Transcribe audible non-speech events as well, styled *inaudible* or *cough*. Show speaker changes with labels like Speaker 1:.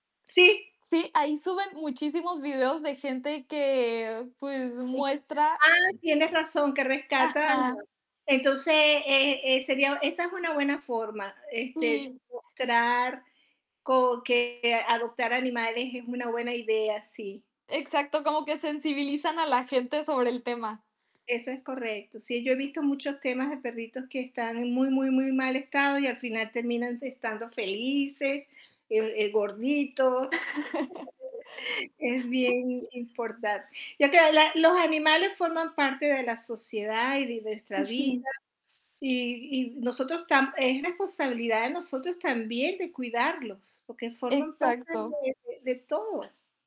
Speaker 1: Sí.
Speaker 2: Sí, ahí suben muchísimos videos de gente que, pues,
Speaker 1: Sí,
Speaker 2: muestra
Speaker 1: ah, tienes razón, que rescatan.
Speaker 2: Ajá.
Speaker 1: Entonces, e eh sería esa es una buena forma, este,
Speaker 2: Sí.
Speaker 1: mostrar co que adoptar animales es una buena idea, sí.
Speaker 2: Exacto, como que sensibilizan a la gente sobre el tema.
Speaker 1: Eso es correcto, sí, yo he visto muchos temas de perritos que están en muy, muy, muy mal estado, y al final terminan estando felices, e eh, gorditos. Es
Speaker 2: *chuckles*
Speaker 1: bien im importante. Ya te hab la los animales forman parte de la sociedad y de nuestra vida,
Speaker 2: Ujú.
Speaker 1: y y nosotros tam es responsabilidad de nosotros también de cuidarlos, porque forman parte
Speaker 2: Exacto.
Speaker 1: de de de todo.